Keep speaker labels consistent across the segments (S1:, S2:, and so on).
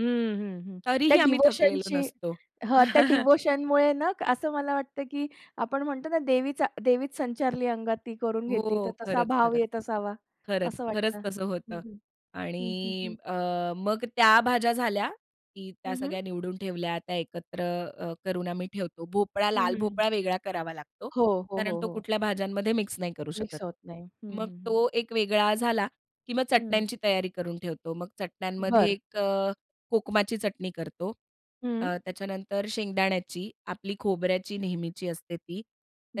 S1: हं, हं, हं. त्या
S2: तरीही आम्ही थकलेलो
S1: डिव्होशनची
S2: नसतो.
S1: हां, त्या डिव्होशनमुळे ना असं मला वाटतं की आपण म्हणतो ना देवीचा देवीच संचारली अंगात. ती करून घेते तर
S2: हो
S1: तसा भाव
S2: खरंच-खरंच.
S1: येत असावा.
S2: खरंच,
S1: असं वाटतं
S2: खरंच तसं
S1: हं,
S2: होतं.
S1: हं. हं, हं, हं.
S2: आणि अ, मग त्या भाज्या झाल्या, की त्या
S1: हं, हं.
S2: सगळ्या निवडून ठेवल्या, त्या एकत्र अ, करून आम्ही ठेवतो. भोपळा,
S1: हं,
S2: लाल
S1: हं, हं.
S2: भोपळा वेगळा करावा लागतो.
S1: हो. हो,
S2: कारण
S1: हो,
S2: तो
S1: हो.
S2: कुठल्या भाज्यांमध्ये मिक्स नाही करू शकत.
S1: मिक्स होत नाही. हं,
S2: मग
S1: हं, हं.
S2: तो एक वेगळा झाला की मग
S1: हं.
S2: चटण्यांची तयारी करून ठेवतो. मग चटण्यांमध्ये
S1: बरं.
S2: एक अ, कोकमाची चटणी करतो.
S1: हं.
S2: अ, त्याच्यानंतर शेंगदाण्याची, आपली खोबऱ्याची नेहमीची असते ती.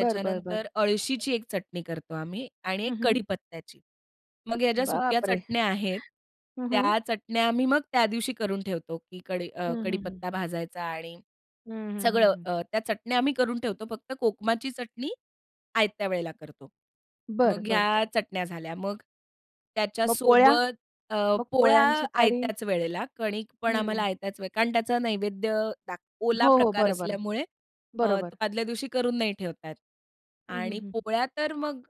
S1: बरं, बरं, बरं.
S2: अळशीची एक चटणी करतो आम्ही आणि
S1: हं,
S2: एक
S1: हं.
S2: कढीपत्त्याची. मग ह्या ज्या सुक्या
S1: बापरे!
S2: चटण्या आहेत.
S1: हं, हं.
S2: त्या चटण्या आम्ही मग त्या दिवशी करून ठेवतो, की कडी
S1: हं,
S2: अ,
S1: हं, हं.
S2: कढीपत्ता भाजायचा आणि
S1: हं, हं, हं,
S2: सगळं
S1: हं.
S2: अ, त्या चटण्या आम्ही करून ठेवतो. फक्त कोकमाची चटणी, आयत्या वेळेला करतो.
S1: बरं,
S2: मग
S1: बरं. ते
S2: ह्या चटण्या झाल्या मग,
S1: मग पोळ्या
S2: त्याच्यासोबत अ,
S1: मग
S2: पोळ्या
S1: पोळ्यांची तयारी?
S2: आयत्याच वेळेला. कणिक पण आम्हाला
S1: हं.
S2: आयत्याच वेळेला कारण त्याचा नैवेद्य दाख ओला
S1: हो, हो.
S2: प्रकार
S1: बरोबर,
S2: असल्यामुळे अ,
S1: बरोबर.
S2: तो आदल्या दिवशी करून नाही ठेवता येत.
S1: हं, हं,
S2: आणि
S1: हं हं.
S2: पोळ्या तर मग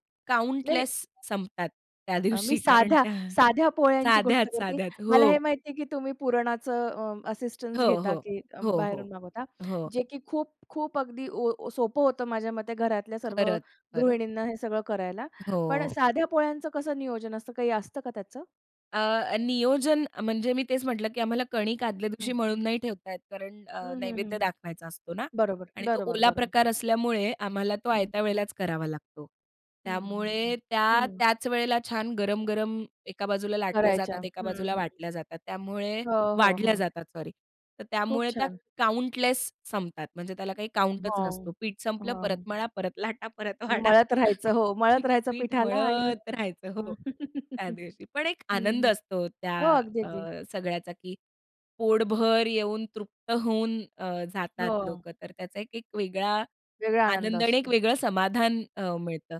S1: नाही नाही.
S2: काउंटलेस संपतात. त्या
S1: अ, मी
S2: दिवशी. कारण
S1: साध्या
S2: त्या
S1: साध्या पोळ्यांची गोष्ट
S2: साध्याचं
S1: करते.
S2: साध्याचं
S1: मला
S2: हो.
S1: हे माहिती आहे की तुम्ही पुरणाचं अ, असिस्टन्स
S2: हो,
S1: घेता
S2: हो.
S1: की
S2: हो, हो.
S1: बाहेरून मागवता?
S2: हो.
S1: जे की खूप-खूप अगदी ओ सोपं होतं माझ्या मते घरातल्या सर्व
S2: खरंच, खरंच.
S1: गृहिणींना हे सगळं करायला. पण
S2: हो.
S1: साध्या पोळ्यांचं कसं नियोजन असतं काही असतं का त्याचं?
S2: अ, नियोजन म्हणजे मी तेच म्हटलं की आम्हाला कणिक आदल्या
S1: हं,
S2: दिवशी
S1: हं.
S2: मळून नाही ठेवता येत कारण
S1: हं,
S2: अ,
S1: हं, हं,
S2: नैवेद्य
S1: हं.
S2: दाखवायचा असतो ना.
S1: बरोबर,
S2: आणि तो
S1: बरोबर,
S2: ओला
S1: बरोबर.
S2: प्रकार असल्यामुळे आम्हाला तो आयत्या
S1: हं.
S2: वेळेलाच करावा लागतो.
S1: हं, हं, हं,
S2: त्यामुळे त्या
S1: हं.
S2: त्याच वेळेला छान गरम-गरम एका बाजूला लाटल्या
S1: करायच्या.
S2: जातात, एका
S1: हं,
S2: बाजूला
S1: हं
S2: वाटल्या जातात, त्यामुळे
S1: हो, हो,
S2: वाढल्या
S1: हो.
S2: जातात सॉरी. तर
S1: खूप
S2: त्यामुळे त्या
S1: छान.
S2: काउंटलेस संपतात. म्हणजे त्याला काही काउंटच
S1: हो,
S2: नसतो. पीठ संपलं परत
S1: हां.
S2: मळा, परत लाटा, परत वाढा.
S1: मळत राहायचं, हो मळत राहायचं
S2: पीठ
S1: पीठाला आणि
S2: मळत राहायचं हो त्या
S1: हं.
S2: दिवशी, पण एक आनंद असतो हो त्या
S1: हो, अगदी
S2: अ,
S1: अगदी.
S2: सगळ्याचा की पोटभर येऊन तृप्त होऊन अ, जातात
S1: हो.
S2: लोकं. तर त्याचा एक एक वेगळा
S1: वेगळा आनंद
S2: आनंद आणि एक
S1: असतो.
S2: वेगळं समाधान अ, मिळतं.